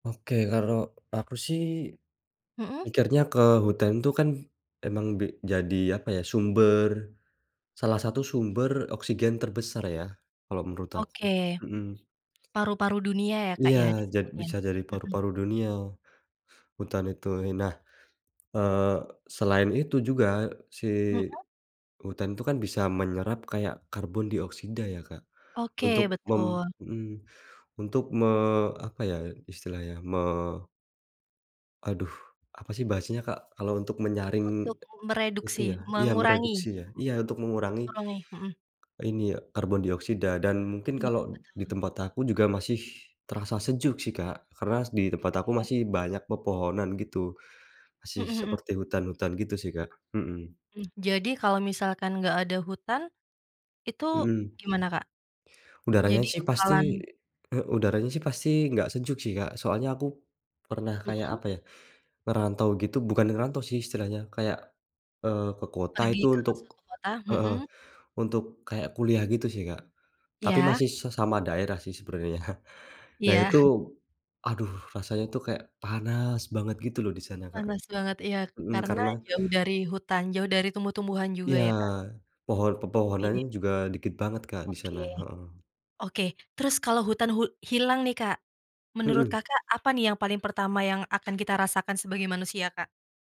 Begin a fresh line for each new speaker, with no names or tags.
Oke. Kalau aku sih,
Mhm.
mikirnya ke hutan itu kan emang be jadi apa ya, sumber salah satu sumber oksigen terbesar ya, kalo menurut
Oke.
aku, mhm.
Paru-paru dunia ya, Kak,
Iya,
ya,
jad
disebutnya?
bisa jadi
Mhm.
paru-paru dunia hutan itu, eee, nah, eee, selain itu juga si
Mhm.
hutan itu kan bisa menyerap kayak karbon dioksida ya, Kak. Untuk
Oke,
mem
betul.
mhm, untuk me apa ya, istilahnya me Aduh, apa sih bahasanya, Kak, kalau untuk menyaring
Untuk m
itu
mereduksi,
ya? Iya,
mengurangi?
mereduksi
Mhm,
ya? Iya, untuk mengurangi
mengurangi. Mhm.
ini ya, karbon dioksida dan mungkin
Iya,
kalau di
betul.
tempat aku juga masih terasa sejuk sih, Kak, karena di tempat aku
Oke.
masih banyak pepohonan gitu. Masih
Mhm mhm.
seperti hutan-hutan gitu sih, Kak. Hmm.
Mmm, jadi kalau misalkan nggak ada hutan, itu
Mhm.
gimana Kak?
Udaranya
Jadi
sih pasti
bakalan
he udaranya sih pasti nggak sejuk sih, Kak, soalnya aku pernah kayak
Mhm.
apa ya, ngerantau gitu bukan ngerantau sih istilahnya, kayak, eee, ke kota
Pergi
itu
ke
untuk
suatu kota?
heeh,
Mhm.
untuk kayak kuliah gitu sih, Kak. Tapi
Iya.
masih sesama daerah sih sebenarnya. Nah
Iya.
itu, aduh rasanya tuh kayak panas banget gitu loh, di sana, Kak.
Panas banget, iya.
Mhm,
Karena
karena
jauh dari hutan, jauh dari tumbuh-tumbuhan juga
Iya,
ya, Kak?
pohon pepohonannya
Dikit?
juga dikit banget, Kak, di
Oke.
sana. Heeh.
Oke. Terus kalau hutan hu hilang nih, Kak, menurut
Mhm.
Kakak apa nih yang paling pertama yang akan kita rasakan sebagai manusia, Kak?